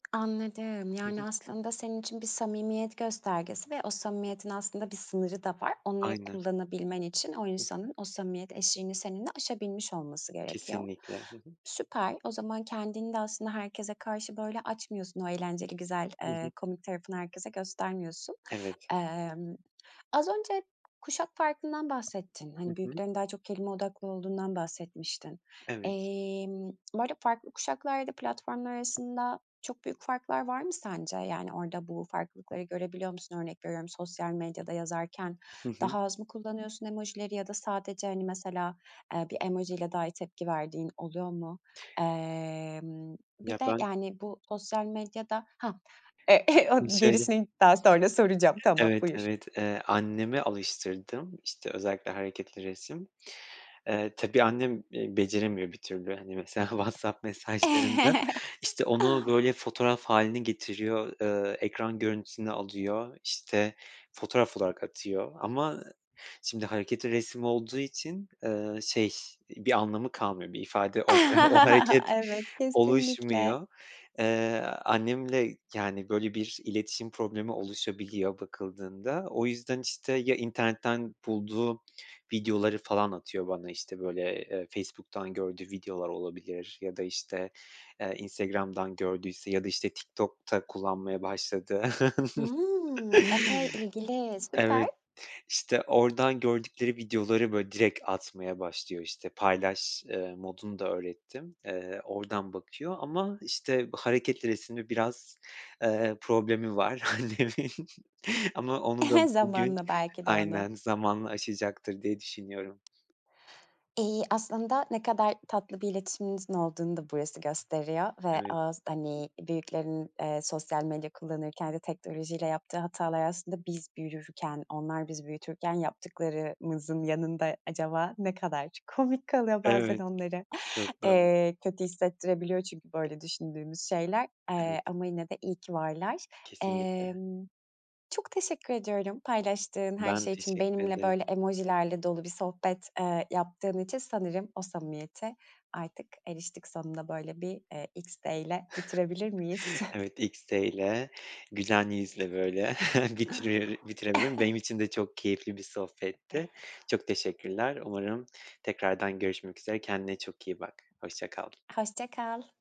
Anladım, Hı hı. yani aslında senin için bir samimiyet göstergesi ve o samimiyetin aslında bir sınırı da var. Onları Aynen. kullanabilmen için o Ih. insanın o samimiyet eşiğini seninle aşabilmiş olması gerekiyor. Kesinlikle. Hı hı. Süper, o zaman kendini de aslında herkese karşı böyle açmıyorsun; o eğlenceli, güzel, Hı hı. ııı, komik tarafını herkese göstermiyorsun. Evet. Emm, az önce kuşak farkından bahsettin. Hı Hani, hı. büyüklerin daha çok kelime odaklı olduğundan bahsetmiştin. Evet. Emm, bu arada farklı kuşaklarda platformlar arasında çok büyük farklar var mı sence? Yani orada bu farklılıkları görebiliyor musun? Örnek veriyorum, sosyal medyada yazarken Hı hı. daha az mı kullanıyorsun emojileri ya da sadece, hani, mesela, ııı, bir emojiyle dahi tepki verdiğin oluyor mu? Emm, Ya, bir de, ben yani, bu sosyal medyada Hah! E Ş dı o şöyle gerisini daha sonra soracağım. Tamam, Evet, buyur. evet, eee, anneme alıştırdımö işte, özellikle hareketli resim. Iıı, tabii annem, ııı, beceremiyor bir türlü, hani, mesela WhatsApp mesajlarında, işte, onu, böyle, fotoğraf hâline getiriyor, ııı, ekran görüntüsünü alıyor, işte, fotoğraf olarak atıyor. Ama şimdi hareketli resim olduğu için, ııı, şey, bir anlamı kalmıyor, bir ifade olmuyor, o hareket Evet, kesinlikle. oluşmuyor. Iıı, annemle, yani, böyle, bir iletişim problemi oluşabiliyor bakıldığında, o yüzden, işte, ya internetten bulduğu videoları falan atıyor bana. İşte, böyle, ııı, Facebook'tan gördüğü videolar olabilir ya da, işte, ııı, Instagram'dan gördüyse ya da, işte, TikTok da kullanmaya başladı. Hımm, epey ilgiliyiz. Evet, Süper. işte, oradan gördükleri videoları, böyle, direkt atmaya başlıyor, işte, paylaş, ııı, modunu da öğrettim. Iıı, oradan bakıyor ama, işte, hareketli resimle biraz, ııı, problemi var annemin. Ama onu da bugün, Zamanla belki de onu. aynen, zamanla aşacaktır diye düşünüyorum. İii, aslında ne kadar tatlı bir iletişiminizin olduğunu da burası gösteriyor. Ve Evet. az hani, büyüklerin, ııı, sosyal medya kullanırken de teknolojiyle yaptığı hatalar aslında biz büyürken, onlar bizi büyütürken yaptıklarımızın yanında acaba ne kadar komik kalıyor? Bazen Evet. onlara, Çok doğru. eee, kötü hissettirebiliyor çünkü böyle düşündüğümüz şeyler. Evet. Eee, ama yine de iyi ki varlar. Kesinlikle. Emm, çok teşekkür ediyorum paylaştığın her Ben şey için. teşekkür Benimle ederim. böyle emojilerle dolu bir sohbet, ııı, yaptığın için. Sanırım o samimiyete artık eriştik sonunda, böyle, bir, eee, XD'yle bitirebilir miyiz? Evet, XD ile güzel yüzle böyle bitire bitirelim. Benim için de çok keyifli bir sohbetti. Çok teşekkürler. Umarım tekrardan görüşmek üzere. Kendine çok iyi bak. Hoşça kal. Hoşça kal.